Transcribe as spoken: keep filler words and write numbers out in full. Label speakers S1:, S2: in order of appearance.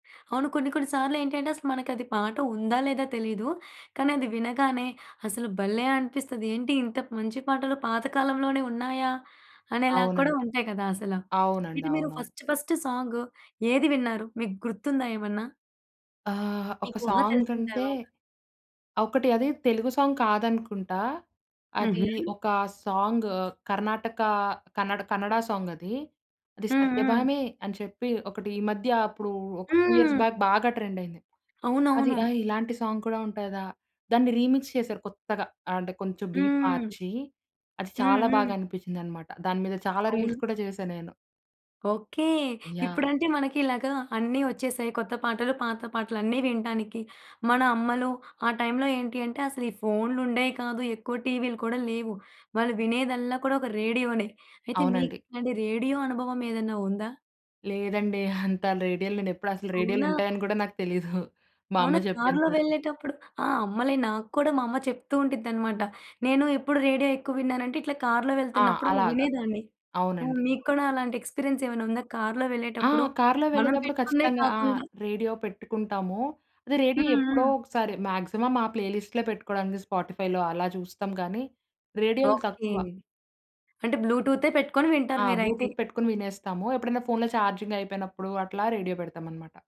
S1: అవును. కొన్ని కొన్ని సార్లేంటంటే అసలు మనకది పాట ఉందా లేదా తెలీదు. కానీ అది వినగానే అసలు భలే! అనిపిస్తది. ఏంటి? ఇంత మంచి పాటలు పాత కాలంలోనే ఉన్నాయా? అనేలాగా కూడా
S2: అవునండి.
S1: ఉంటాయి కదా! అసల.
S2: అవునండి.
S1: ఇది మీరు
S2: అవునవును.
S1: ఫస్ట్ ఫస్ట్ సాంగ్ ఏది విన్నారు? మీకు గుర్తుందా ఏమన్నా?
S2: ఆహ్, ఒక
S1: మీకు ఊహ
S2: సాంగ్
S1: తెలిసిన
S2: అంటే
S1: తర్వాత.
S2: ఒకటి అది తెలుగు సాంగ్ కాదనుకుంటా. అది
S1: హుహు.
S2: ఒక సాంగ్ కర్ణాటక, కన్నడ కన్నడ సాంగ్ అది
S1: హ్మ్. హ్మ్.
S2: 'సత్యభామే' అని చెప్పి ఒకటి ఈ మధ్య అప్పుడు ఒక టూ ఇయర్స్
S1: హ్మ్.
S2: బ్యాక్ బాగా ట్రెండ్ అయింది. అది
S1: అవునవును.
S2: ఆహ్, ఇలాంటి సాంగ్ కూడా ఉంటదా? దాన్ని రీమిక్స్ చేశారు కొత్తగా. ఆహ్, అంటే కొంచెం బీట్
S1: హ్మ్.
S2: మార్చి అది
S1: హ్మ్.
S2: చాలా
S1: హ్మ్.
S2: బాగా అనిపిచ్చిందనమాట. దాని మీద చాలా రీల్స్
S1: అవును.
S2: కూడా చేశా నేను.
S1: ఓకే.
S2: యాహ్!
S1: ఇప్పుడంటే మనకి ఇలాగా అన్ని ఒచ్చేసాయి కొత్త పాటలు, పాత పాటలు అన్నీ వినటానికి. మన అమ్మలు ఆ టైమ్‌లో ఏంటి అంటే అసలు ఈ ఫోన్‌లు ఉండేయి కాదు. ఎక్కువ టీవీలు కూడా లేవు. వాళ్ళు వినేదల్లా కూడా ఒక రేడియోనే. అయితే
S2: అవునండి.
S1: మీకిలాంటి రేడియో అనుభవం ఏదైనా ఉందా?
S2: లేదండి. అంత రేడియోలు నేనేప్పుడు అసలు రేడియోలు
S1: అవునా?
S2: ఉంటాయని గూడా నాకు తెలీదు. మా అమ్మ
S1: అవునా!
S2: జెప్పేంత
S1: కార్‌లో
S2: వరకు.
S1: వెళ్ళేటప్పుడు, ఆ! అమ్మలే నాక్కూడా మా అమ్మ చెప్తూ ఉండిద్దన్నమాట. నేను ఎప్పుడు రేడియో ఎక్కువ విన్నానంటే ఇట్లా కార్‌లో
S2: ఆ!
S1: వెళ్తున్నప్పుడు అలా
S2: అలాగ.
S1: వినేదాన్ని. ఆ!
S2: అవునండి.
S1: మీకూడా అలాంటి ఎక్స్పీరియన్స్ ఏమైనా ఉందా? కార్‌లో
S2: ఆ!
S1: వెళ్ళేటప్పుడు
S2: కార్లో
S1: మనం
S2: వెళ్ళేతప్పుడు
S1: పెట్టుకున్నయి
S2: ఖచ్చితంగా. ఆ!
S1: కాకుండా
S2: రేడియో పెట్టుకుంటాము. అది రేడియో
S1: హ్మ్.
S2: ఎప్పుడో
S1: హ్మ్.
S2: ఒకసారి, మాక్సిమం మా ప్లేలిస్ట్‌లే పెట్టుకోవడానికి 'స్పాటిఫైలో' అలా చూస్తాం గాని రేడియోలు
S1: ఓకే.
S2: తక్కువ.
S1: అంటే బ్లూటూతే పెట్టుకొని వింటారు
S2: ఆ!
S1: మీరైతే?
S2: బ్లూటూత్ పెట్టుకొని వినేస్తాము. ఎప్పుడైనా ఫోన్‌లో ఛార్జింగ్ అయిపోయినప్పుడు అట్లా రేడియో పెడతామనమాట.